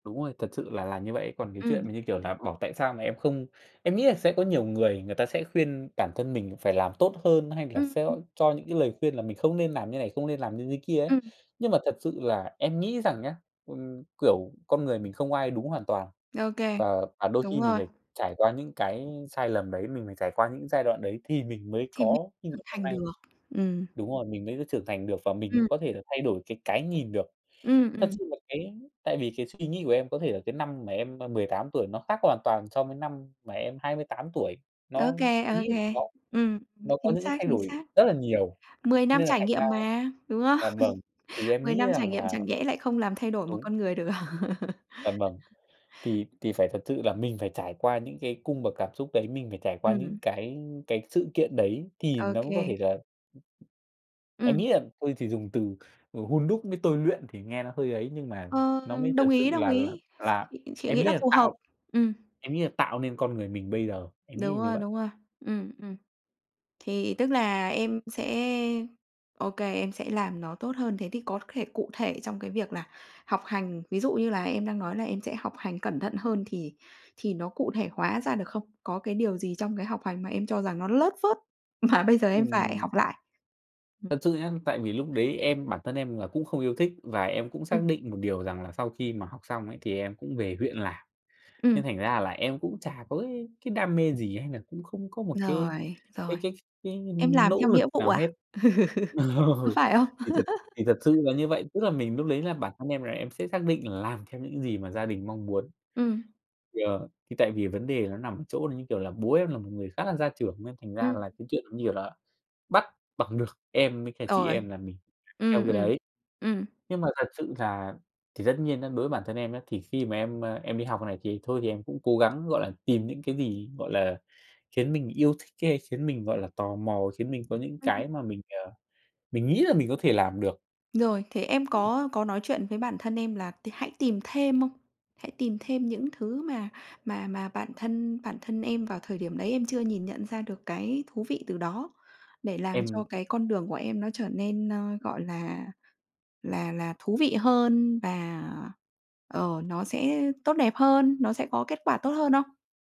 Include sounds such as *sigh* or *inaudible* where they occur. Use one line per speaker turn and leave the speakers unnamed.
Đúng rồi, thật sự là là như vậy. Còn cái chuyện
Ừm.
mà, như kiểu là, bảo tại sao mà em không em nghĩ là sẽ có nhiều người, người ta sẽ khuyên bản thân mình phải làm tốt hơn hay là
Ừm,
sẽ
ừm.
cho những cái lời khuyên là mình không nên làm như thế này, không nên làm như thế kia ấy.
Ừm.
Nhưng mà thật sự là em nghĩ rằng nhá, ừm, kiểu, con người mình không ai đúng hoàn toàn.
OK,
Và và đôi
đúng
khi mình
rồi.
phải trải qua những cái sai lầm đấy, mình phải trải qua những giai đoạn đấy thì mình mới
Thì mới
có như ngày
trưởng
hôm
thành
nay.
được. Ừm.
Đúng rồi, mình mới trưởng thành được và mình mới
Ừm.
có thể là thay đổi cái cái nhìn được.
Ừm,
Thật
ừm.
sự là cái tại vì cái suy nghĩ của em có thể là cái năm mà em, à, 18 tuổi nó khác hoàn toàn so với năm mà em 28 tuổi. Nó
OK,
em
OK.
nghĩ là nó
Ừm,
nó có
chính
những cái
xác,
thay
chính
đổi
xác.
rất là nhiều
10 năm
nên là
trải
thành ra
nghiệm mà, đúng không?
dạ vâng, thì
*laughs*
em
10
nghĩ
năm trải
rằng
nghiệm
là
chẳng nhẽ lại không làm thay đổi một
đúng.
con người được. *laughs*
Vâng, vâng. Thì thì phải thật sự là mình phải trải qua những cái cung bậc cảm xúc đấy, mình phải trải qua những
Ừm.
cái cái sự kiện đấy thì nó mới có thể
OK.
là Em
Ừm.
nghĩ là thôi chỉ dùng từ, ừ, hun đúc với tôi luyện thì nghe nó hơi ấy, nhưng mà
Ờ,
nó mới
đồng
thật sự
ý, đồng
là là
ý.
là
Chị
em
nghĩ
nghĩ
là
là
phù hợp.
tạo
Ừm.
em nghĩ là tạo nên con người mình bây giờ, em nghĩ
Đúng
là như
rồi,
vậy.
đúng rồi. Ừm, ừm. Thì tức là em sẽ OK, em sẽ làm nó tốt hơn. Thế thì có thể cụ thể trong cái việc là học hành, ví dụ như là em đang nói là em sẽ học hành cẩn thận hơn, thì thì nó cụ thể hóa ra được không? Có cái điều gì trong cái học hành mà em cho rằng nó lớt phớt mà bây giờ em phải
Ừm.
học lại? Ừm.
Thật sự nhá, tại vì lúc đấy em bản thân em là cũng không yêu thích và em cũng
Ừm.
xác định một điều rằng là sau khi mà học xong ấy, thì em cũng về huyện làm. Nên
Ừm.
thành ra là em cũng chả có cái cái đam mê gì hay nà cũng không có một cái
Rồi, rồi.
cái cái cái
Em làm
nỗ
theo
lực
nghĩa vụ
nào
à?
hết. Ừ.
*laughs* Có phải không?
Thì thật thì thật
*laughs*
sự là như vậy. Tức là mình lúc đấy là bản thân em là em sẽ xác định là làm theo những gì mà gia đình mong muốn.
Ừm.
Yeah, thì tại vì vấn đề là nó nằm ở chỗ như kiểu là bố em là một người khá là gia trưởng, nên thành ra
Ừm.
là cái chuyện như kiểu là bắt bằng được em với cả chị
Rồi.
em là mình phải theo
Ừm,
cái
ừm.
đấy.
Ừm.
Nhưng mà thật sự là thì tất nhiên á, đối với bản thân em nhé, thì khi mà em, à, em đi học này, thì thôi thì em cũng cố gắng, gọi là, tìm những cái gì, gọi là, khiến mình yêu thích hay khiến mình, gọi là, tò mò, khiến mình có những
Ừm.
cái mà mình, ờ, mình nghĩ là mình có thể làm được.
Rồi, thế em có có nói chuyện với bản thân em là t hãy tìm thêm không? Hãy tìm thêm những thứ mà mà mà bản thân bản thân em vào thời điểm đấy em chưa nhìn nhận ra được cái thú vị từ đó, để làm cho
Em
cái con đường của em nó trở nên, ơ, gọi là, là là thú vị hơn và, ờ, nó sẽ tốt đẹp hơn, nó sẽ có kết quả tốt hơn không?